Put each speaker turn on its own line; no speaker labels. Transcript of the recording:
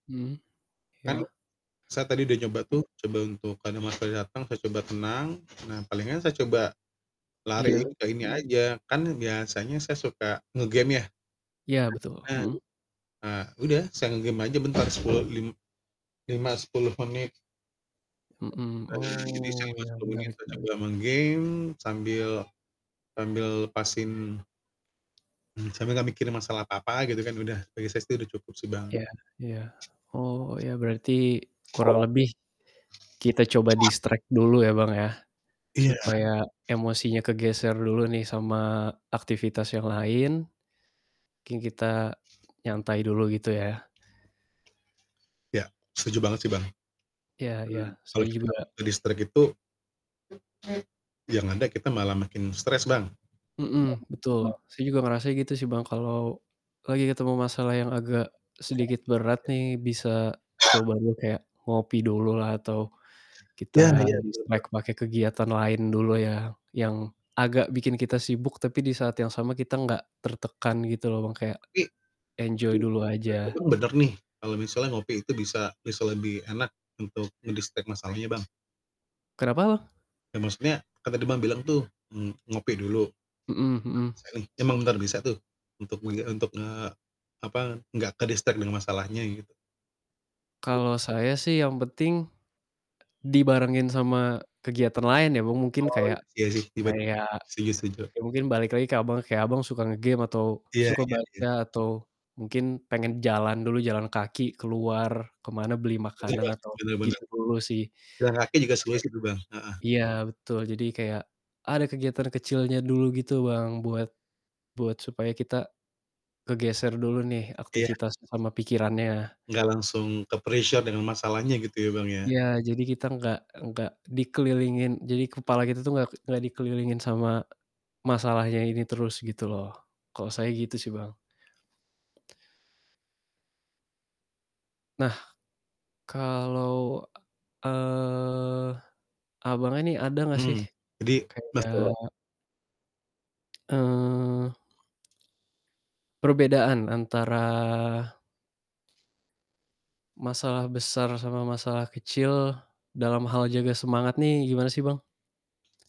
Mhm.
Kan,
Iya.
saya tadi udah nyoba tuh, coba untuk kalo emosi saya datang, saya coba tenang. Nah, palingan saya coba lari
Iya,
ke ini
mhm.
aja, kan biasanya saya suka nge-game, ya.
Iya, betul,
[unintelligible]
mhm.
Ah, udah saya nge-game aja bentar 10 lim lima, 10 menit.
Mhm,
Heeh, jadi saya
oh,
pas
iya
ngomong itu
menarik
saya coba
menarik
main game, sambil sambil lepasin mmm, sambil nggak mikir masalah apa-apa gitu kan udah, bagi saya sih udah cukup sih, Bang.
Iya iya, Oh, iya berarti kurang lebih kita coba distract dulu ya, Bang, ya.
Iya.
Supaya emosinya kegeser dulu nih sama aktivitas yang lain, mungkin kita nyantai dulu gitu, ya?
Iya, setuju banget sih, Bang. Mmm,
Iya iya, saya
kalau kita
juga
nggak ke-distract itu yang ada kita malah makin stres, Bang. Mhm, betul.
Mhm, betul. Saya juga ngerasa gitu
[unintelligible]
sih Bang, kalau lagi ketemu masalah yang agak sedikit berat nih, bisa coba dulu kayak, ngopi dulu lah atau kita
Ya ya. Betul banget.
distract pakai kegiatan lain dulu yang yang agak bikin kita sibuk, tapi di saat yang sama kita nggak tertekan gitu loh Bang, kayak
Tapi
enjoy
tapi
dulu
menurut
aja.
Abang, bener nih kalo misalnya ngopi itu bisa bisa lebih enak untuk men-distract masalahnya, Bang?
Kenapa Bang?
Ya maksudnya, kan tadi Abang bilang tuh, mmm, ngopi dulu. Itu
Mhm
emang
mhm.
sering emang bener bisa tuh untuk mengge untuk, nge apa, nggak ke-distract dengan masalahnya, gitu? Su biasa.
Kalau saya sih yang penting, dibarengin sama kegiatan lain ya Bang, mungkin
Oh,
kayak
iya sih, ibarat [unintelligible]
kayak,
setuju setuju.
ya mungkin balik lagi ke Abang, kayak Abang suka nge-game atau
Iya
suka
iya iya.
baca, atau mungkin pengen jalan dulu jalan
Pagi?
kaki keluar ke mana beli makanan
Mencoba,
atau
bener bener.
gitu dulu sih. Oke.
Jalan kaki juga solusi tuh, Bang, heeh,
Iya,
iya.
betul jadi kayak ada kegiatan kecilnya dulu gitu Bang, buat buat supaya kita kegeser dulu nih
Iya.
aktivitas sama pikirannya.
Nggak langsung ke-pressure dengan masalahnya gitu ya, Bang, ya? Iya,
Iya,
kan?
jadi kita nggak nggak dikelilingin jadi kepala kita tuh nggak nggak dikelilingin sama masalahnya ini terus, gitu loh. Kalau saya gitu sih, Bang. Nah, kalau, eee, Abangnya nih ada nggak sih
Mhm, jadi
kayak
betul.
eee perbedaan antara masalah besar sama masalah kecil, dalam hal jaga semangat nih gimana sih, Bang?